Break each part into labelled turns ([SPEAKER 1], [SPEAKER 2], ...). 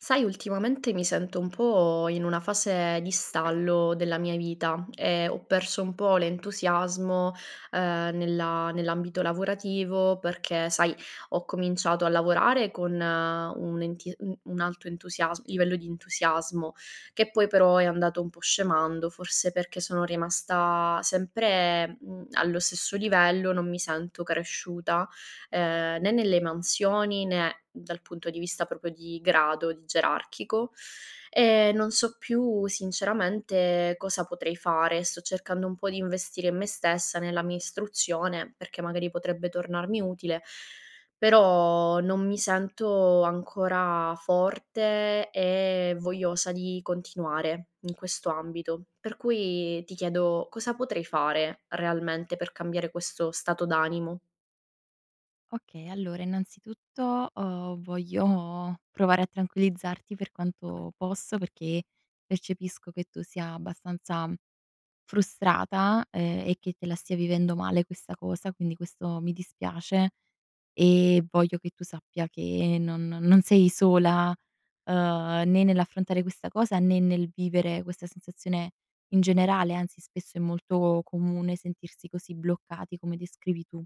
[SPEAKER 1] Sai ultimamente mi sento un po' in una fase di stallo della mia vita, ehm, ho perso un po' l'entusiasmo, uhm, nella nell'ambito lavorativo perché sai, ho cominciato a lavorare con un enti un un alto entusiasm livello di entusiasmo; che poi però, è andato un po' scemando forse perché sono rimasta sempre, mhmm, allo stesso livello, non mi sento cresciuta, ehm, né nelle mansioni, né dal punto di vista proprio di grado, di gerarchico. Ehm, non so più sinceramente, cosa potrei fare. Sto cercando un po' di investire in me stessa, nella mia istruzione, perché magari potrebbe tornarmi utile, però non mi sento ancora forte e vogliosa di continuare in questo ambito, per cui, ti chiedo cosa potrei fare realmente per cambiare questo stato d'animo?
[SPEAKER 2] Okay, allora innanzitutto, uhm, voglio provare a tranquillizzarti per quanto posso perché, percepisco che tu sia abbastanza frustrata, ehm, e che te la stia vivendo male questa cosa, quindi questo mi dispiace; ehm, voglio che tu sappia che non non sei sola, uhm, né nell'affrontare questa cosa, né nel vivere questa sensazione in generale, anzi spesso è molto comune sentirsi così bloccati, come descrivi tu.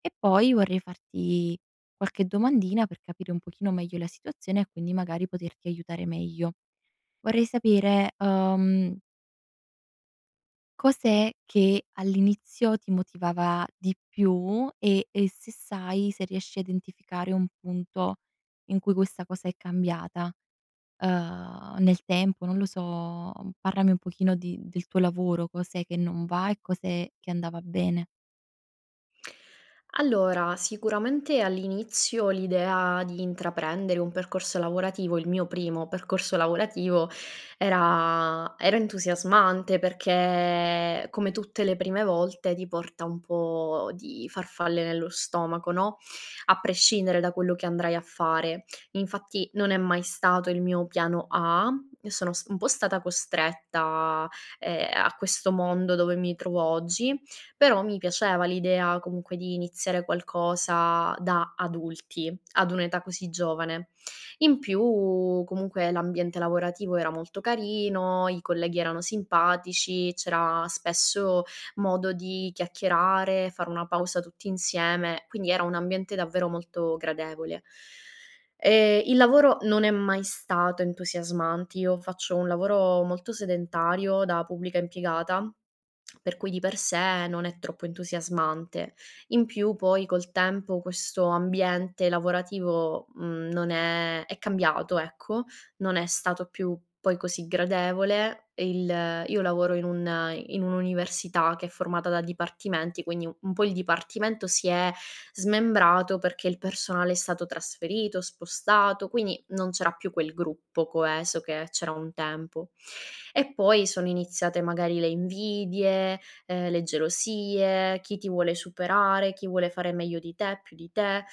[SPEAKER 2] E poi vorrei farti qualche domandina per capire un pochino meglio la situazione e quindi magari poterti aiutare meglio vorrei sapere, uhm cos'è che all'inizio ti motivava di più e e se sai, se riesci a identificare un punto in cui questa cosa è cambiata, uhm, nel tempo non lo so, parlami un pochino di del tuo lavoro cos'è che non va e cos'è che andava bene.
[SPEAKER 1] Allora, sicuramente all'inizio, l'idea di intraprendere un percorso lavorativo il mio primo percorso lavorativo, era era entusiasmante, perché come tutte le prime volte ti porta un po' di farfalle nello stomaco, no, a prescindere da quello che andrai a fare. Infatti non è mai stato il mio piano A, io sono s un po' stata costretta, ehm, a questo mondo dove mi trovo oggi, però mi piaceva l'idea comunque di iniziare qualcosa da adulti, ad un'età così giovane. In più, comunque l'ambiente lavorativo era molto carino, i colleghi erano simpatici, c'era spesso modo di chiacchierare, fare una pausa tutti insieme, quindi era un ambiente davvero molto gradevole. E il lavoro non è mai stato entusiasmant io faccio un lavoro molto sedentario, da pubblica impiegata, per cui di per sé, non è troppo entusiasmante. In più poi col tempo, questo ambiente lavorativo mhmm, non è è cambiato ecco, non è stato più poi così gradevole. E il io lavoro in un in un'università, che è formata da dipartimenti, quindi un po' il dipartimento si è smembrato, perché il personale è stato trasferito, spostato, quindi non c'era più quel gruppo coeso che c'era un tempo. E poi, sono iniziate magari le invidie, ehm, le gelosie, chi ti vuole superare, chi vuole fare meglio di te, più di te.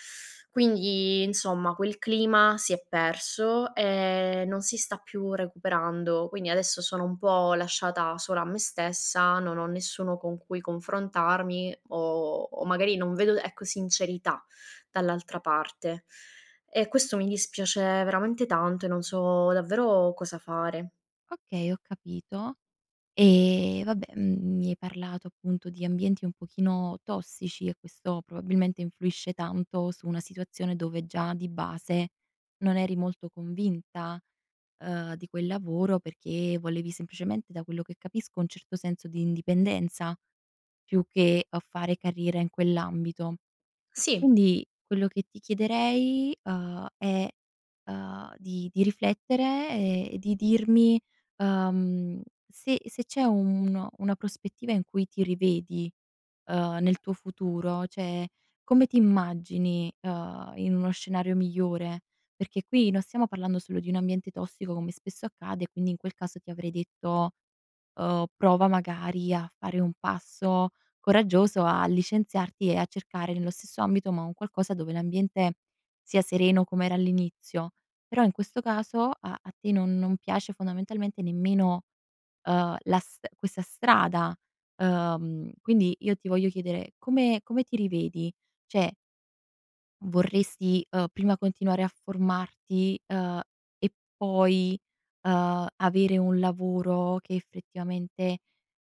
[SPEAKER 1] Quindi, insomma quel clima si è perso, ehm, non si sta più recuperando. Quindi adesso, sono un po' lasciata sola a me stessa, non ho nessuno con cui confrontarmi o o magari non vedo, ecco, sincerità dall'altra parte. E questo mi dispiace veramente tanto e non so davvero cosa fare.
[SPEAKER 2] Okay, ho capito; eh, vabbè, mhmm, mi hai parlato appunto di ambienti un pochino, tossici e questo, probabilmente, influisce tanto su una situazione dove già di base, non eri molto convinta, uhm, di quel lavoro perché, volevi semplicemente, da quello che capisco, un certo senso di indipendenza, più che a fare carriera in quell'ambito.
[SPEAKER 1] Sì.
[SPEAKER 2] Quindi, quello che ti chiederei, uhm, è, uhm, di di riflettere e di dirmi, uhm, se se c'è uno una prospettiva in cui ti rivedi, uhm, nel tuo futuro. Cioè, come ti immagini, ehm, in uno scenario migliore? Perché qui, non stiamo parlando solo di un ambiente tossico, come spesso accade, quindi in quel caso ti avrei detto, uhm, prova magari a fare un passo coraggioso, a licenziarti e a cercare nello stesso ambito, ma un qualcosa dove l'ambiente, sia sereno come era all'inizio. Però in questo, caso a a te non non piace fondamentalmente nemmeno, uhm, la st questa strada, uhm. Quindi, io ti voglio chiedere: come come ti rivedi? Cioè vorresti, uhm, prima continuare a formarti, uhm, e poi, uhm, avere un lavoro che effettivamente,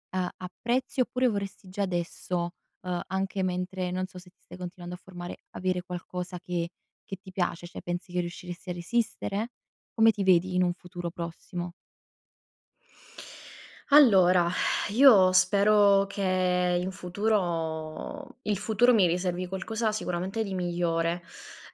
[SPEAKER 2] a apprezzi oppure vorresti già adesso, uhm, anche mentre non so se ti stai continuando a formare, avere qualcosa che che ti piace? Cioè pensi che riusciresti a resistere? Come ti vedi in un futuro prossimo?
[SPEAKER 1] Allora, io spero che in futuro il futuro mi riservi qualcosa sicuramente di migliore.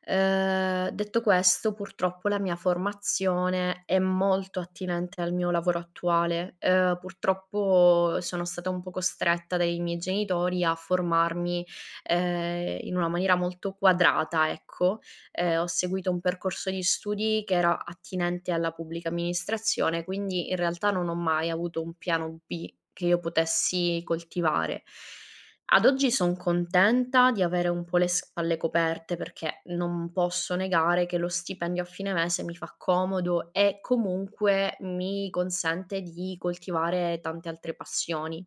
[SPEAKER 1] Ehm, detto questo, purtroppo la mia formazione è molto attinente al mio lavoro attuale. Ehm, purtroppo sono stata un po' costretta dai miei genitori a formarmi, ehm, in una maniera molto quadrata, ecco. Ehm, ho seguito un percorso di studi che era attinente alla pubblica amministrazione, quindi in realtà non ho mai avuto un piano B che io potessi coltivare. Ad oggi son contenta di avere un po' le spalle coperte, perché non posso negare che lo stipendio a fine mese mi fa comodo e comunque mi consente di coltivare tante altre passioni.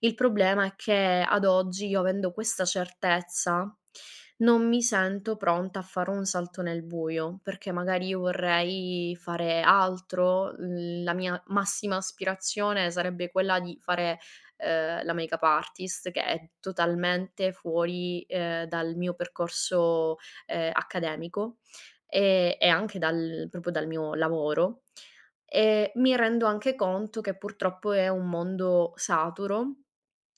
[SPEAKER 1] Il problema è che ad oggi io avendo questa certezza, non mi sento pronta a fare un salto nel buio. Perché magari io vorrei fare altro, l la mia massima aspirazione sarebbe quella di fare, ehm, la make up artist, che è totalmente fuori, ehm, dal mio percorso, ehm, accademico, ehm, e anche dal proprio dal mio lavoro. Ehm, mi rendo anche conto che purtroppo è un mondo saturo,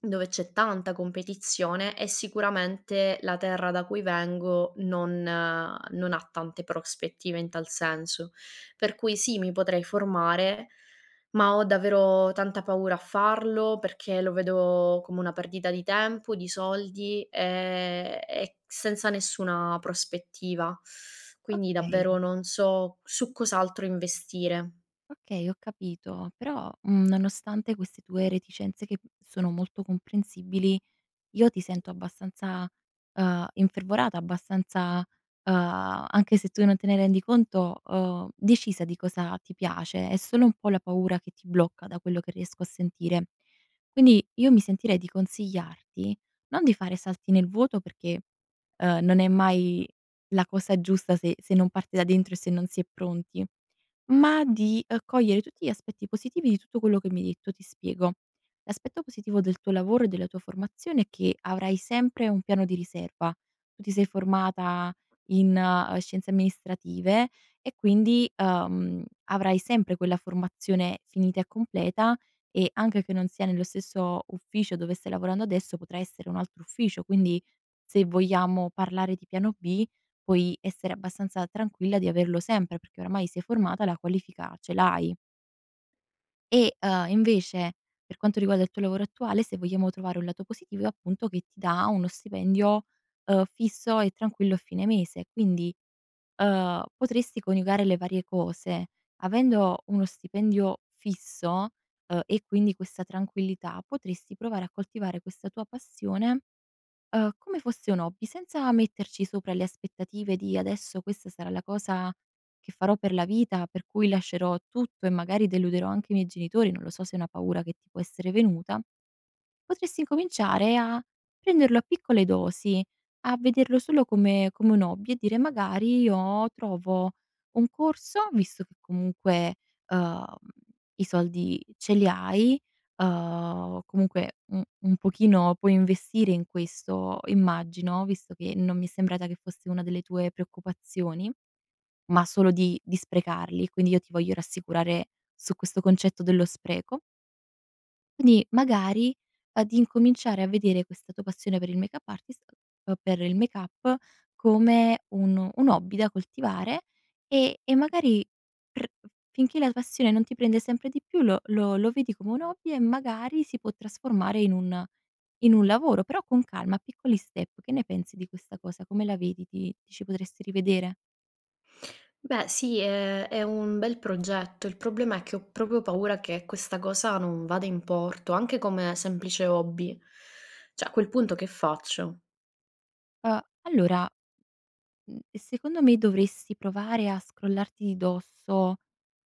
[SPEAKER 1] dove c'è tanta competizione e sicuramente la terra da cui vengo non non ha tante prospettive in tal senso, per cui sì, mi potrei formare, ma ho davvero tanta paura a farlo perché lo vedo come una perdita di tempo, di soldi, ehm, e senza nessuna prospettiva, quindi davvero
[SPEAKER 2] Okay.
[SPEAKER 1] non so su cos'altro investire.
[SPEAKER 2] Okay, ho capito. Però, mhmm, nonostante queste tue reticenze che, mhmm, sono molto comprensibili, io ti sento abbastanza, uhm, infervorata, abbastanza, uhm anche se tu non te ne rendi conto uhm, decisa di cosa ti piace. È solo un po' la paura che ti blocca, da quello che riesco a sentire. Quindi, io mi sentirei di consigliarti: non di fare salti nel vuoto perché, ehm, non è mai la cosa giusta se se non parte da dentro e se non si è pronti, ma di cogliere tutti gli aspetti positivi di tutto quello che mi hai detto. Ti spiego. L'aspetto positivo del tuo lavoro e della tua formazione è che avrai sempre un piano di riserva. Tu ti sei formata in, ehm, Scienze Amministrative e quindi, uhm, avrai sempre quella formazione finita e completa e anche che non sia nello stesso ufficio dove stai lavorando adesso potrà essere un altro ufficio, quindi, se vogliamo parlare di piano B, puoi essere abbastanza tranquilla di averlo sempre, perché oramai sei formata la qualifica ce l'hai e, uhm, invece, per quanto riguarda il tuo lavoro attuale, se vogliamo trovare un lato positivo è appunto, che ti dà uno stipendio, uhm, fisso e tranquillo a fine mese. Quindi, uhm, potresti coniugare le varie cose. Avendo uno stipendio fisso, uhm, e quindi questa tranquillità, potresti provare a coltivare questa tua passione, uhm, come fosse un hobby, senza metterci sopra le aspettative di: "Adesso questa sarà la cosa che farò per la vita, per cui lascerò tutto e magari, deluderò anche i miei genitori." Non lo so se è una paura che ti può essere venuta. Potresti incominciare a prenderlo a piccole dosi, a vederlo solo come come un hobby e dire magari, io trovo un corso, visto che comunque, uhm, i soldi ce li hai, uhm comunque un un pochino puoi investire in questo immagino, visto che non mi è sembrata che fosse una delle tue preoccupazioni, ma solo di di sprecarli. Quindi, io ti voglio rassicurare su questo concetto dello spreco Quindi, magari ad incominciare a vedere questa tua passione per il make up artist uhm, per il make up, come un un hobby da coltivare, e e magari pr f finché la passione non ti prende sempre di più lo lo lo vedi come un hobby e magari, si può trasformare in un in un lavoro. Però, con calma, piccoli step. Che ne pensi di questa cosa? Come la vedi? Ti ti ci potresti rivedere?
[SPEAKER 1] Beh, sì. Ehm, è un bel progetto. Il problema è che ho proprio paura che questa cosa non vada in porto, anche come semplice hobby. Cioè a quel punto che faccio?
[SPEAKER 2] Uhm, allora, mhmm, ehm, secondo me, dovresti provare a scrollarti di dosso,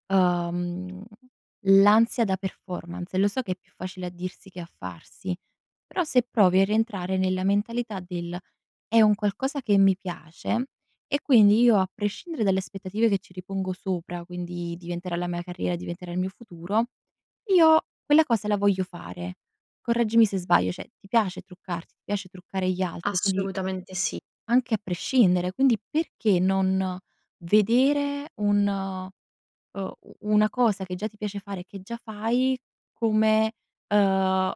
[SPEAKER 2] uhm, l'ansia da performance. Lo so che è più facile a dirsi che a farsi. Però, se provi a rientrare nella mentalità del: "È un qualcosa che mi piace e quindi, io a prescindere dalle aspettative che ci ripongo sopra, quindi: diventerà la mia carriera, diventerà il mio futuro, io quella cosa la voglio fare." Correggimi se sbaglio, cioè, ti piace truccarti, ti piace truccare gli altri? Quindi
[SPEAKER 1] Assolutamente sì.
[SPEAKER 2] anche a prescindere, quindi, perché non vedere un uhm, u una cosa che già ti piace fare, che già fai, come, uhm,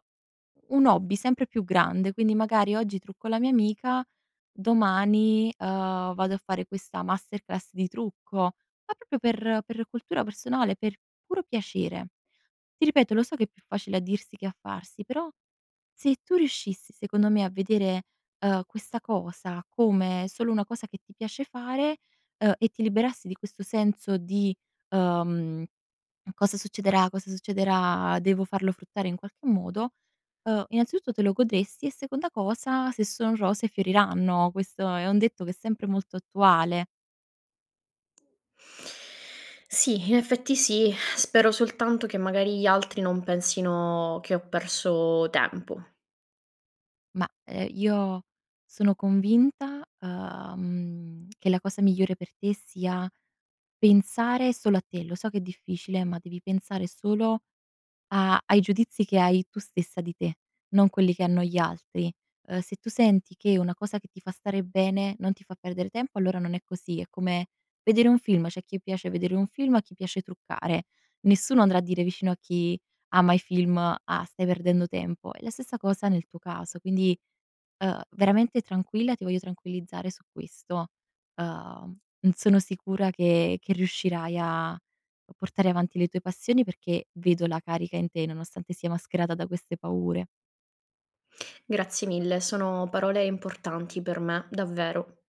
[SPEAKER 2] un hobby sempre più grande. Quindi magari: "Oggi trucco la mia amica, domani, uhm, vado a fare questa masterclass di trucco." Ma proprio per per cultura personale, per puro piacere. Ti ripeto, lo so che è più facile a dirsi che a farsi, però se tu riuscissi, secondo me, a vedere, uhm, questa cosa, come solo una cosa che ti piace fare, uhm, e ti liberassi di questo senso di, uhm: "Cosa succederà, cosa succederà? Devo farlo fruttare in qualche modo." Uhm, innanzitutto te lo godresti, e seconda cosa: se son rose fioriranno, questo è un detto che è sempre molto attuale.
[SPEAKER 1] Sì, in effetti sì, spero soltanto che magari gli altri non pensino che ho perso tempo.
[SPEAKER 2] Ma, ehm, io sono convinta, uhm, che la cosa migliore per te sia pensare solo a te. Lo so che è difficile, ma devi pensare solo a ai giudizi che hai tu stessa di te, non quelli che hanno gli altri. Ehm, se tu senti che una cosa che ti fa stare bene non ti fa perdere tempo, allora non è così. È come vedere un film, c'è a chi piace vedere un film, a chi piace truccare. Nessuno andrà a dire vicino a chi ama i film: "Ah, stai perdendo tempo." È la stessa cosa nel tuo caso, quindi, uhm, veramente tranquilla, ti voglio tranquillizzare su questo. Mhmm, sono sicura che che riuscirai a portare avanti le tue passioni, perché vedo la carica in te, nonostante sia mascherata da queste paure.
[SPEAKER 1] Grazie mille, sono parole importanti per me, davvero.